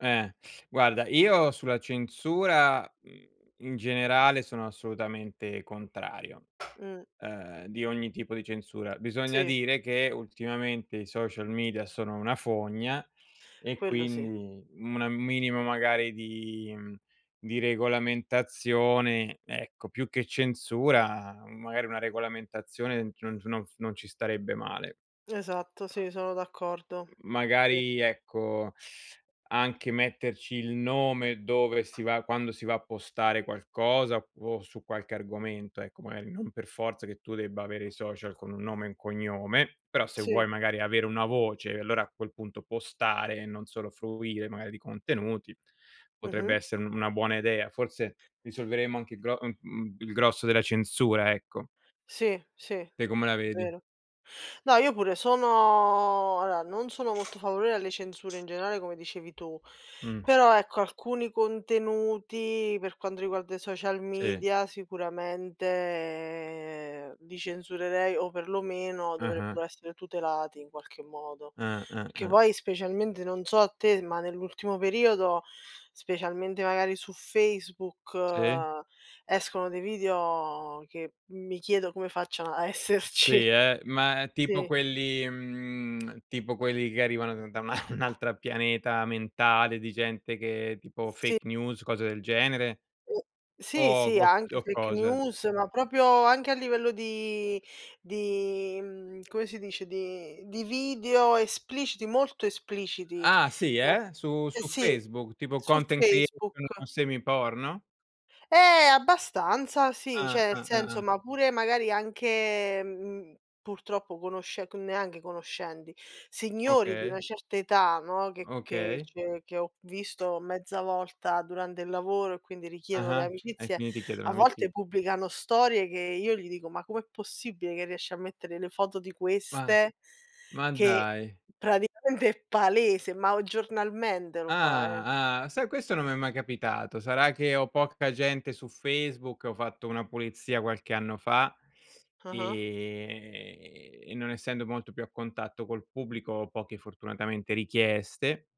Eh, guarda, io sulla censura, mhmm, in generale, sono assolutamente contrario Mh. ehm, di ogni tipo di censura. Bisogna Sì. dire, che ultimamente i social media sono una fogna, e Quello sì. quindi, um a minimo magari di di regolamentazione, ecco più che censura, magari, una regolamentazione, non c non s non ci starebbe male. Esatto, sì, sono d'accordo. Sì. Magari ecco, anche metterci il nome dove si va, quando si va a postare qualcosa, op su qualche argomento, ecco, magari non per forza che tu debba avere i social con un nome e un cognome, però se Sì. vuoi magari avere una voce, e allora a quel punto postare, e non solo fruire magari di contenuti, potrebbe Mh-mh. essere una buona idea. Forse risolveremo anche il gro mhmm, mhmm, il grosso della censura, ecco. Sì, sì, è Te come la vedi? vero. No, io pure sono allora, non sono molto favorevole alle censure in generale, come dicevi tu, Mh. però ecco, alcuni contenuti, per quando riguarda i social Sì. media, sicuramente li censurerei, o perlomeno, Ah-ah. dovrebbero essere tutelati in qualche modo. Ah, ah, Che ah. poi specialmente non so a te, ma nell'ultimo periodo, specialmente magari su Facebook, Sì. escono dei video che mi chiedo come facciano a esserci. Sì, eh, ma tipo Sì. quelli mhmm, tipo quelli che arrivano da un al altro pianeta mentale, di gente che tipo Sì. fake news, cose del genere [unintelligible] .Sì, o sì, [unintelligible] anche o fake cosa? news, ma proprio anche a livello di di mhmm, come si dice, di video espliciti, molto espliciti.. Ah si [unintelligible] eh, su su Sì, Facebook, tipo su content creator Facebook. semi porno? Eh! Abbastanza sì, Ah, cioè nel ah, ah, senso, ah. ma pure, magari anche, mhmm, purtroppo conosce c neanche conoscenti, signori di una Okay. certa età, no, che che Okay. cioè che ho visto mezza volta durante il lavoro, e quindi richiedono le Ah-ah, e amicizie, quindi ti chiedono a amici volte pubblicano storie che io gli dico: "Ma come è possibile che riesci a mettere le foto di Ma queste?" ma Che dai. praticamente è palese, ma o giornalmente lo fa, eh. Ah, ah. Sai questo non mi è mai capitato, sarà che ho poca gente su Facebook, ho fatto una pulizia qualche anno fa, Ah-ah. e e non essendo molto più a contatto col pubblico, ho poche, fortunatamente, richieste.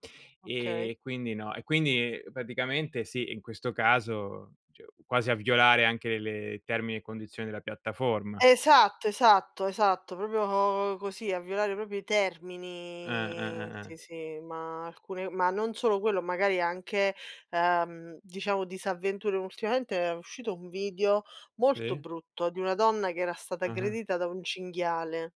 Okay. E quindi no e quindi praticamente sì, in questo caso, cioè, quasi a violare anche le termini e condizioni della piattaforma. Esatto, esatto, esatto, proprio così a violare proprio i Ah, ah, termini, ah, sì, ah. sì, ma alcune ma non solo quello, magari anche, ehm, diciamo disavventure, ultimamente è uscito un video molto Sì. brutto, di una donna che era stata Ah-ah. aggredita, da un cinghiale.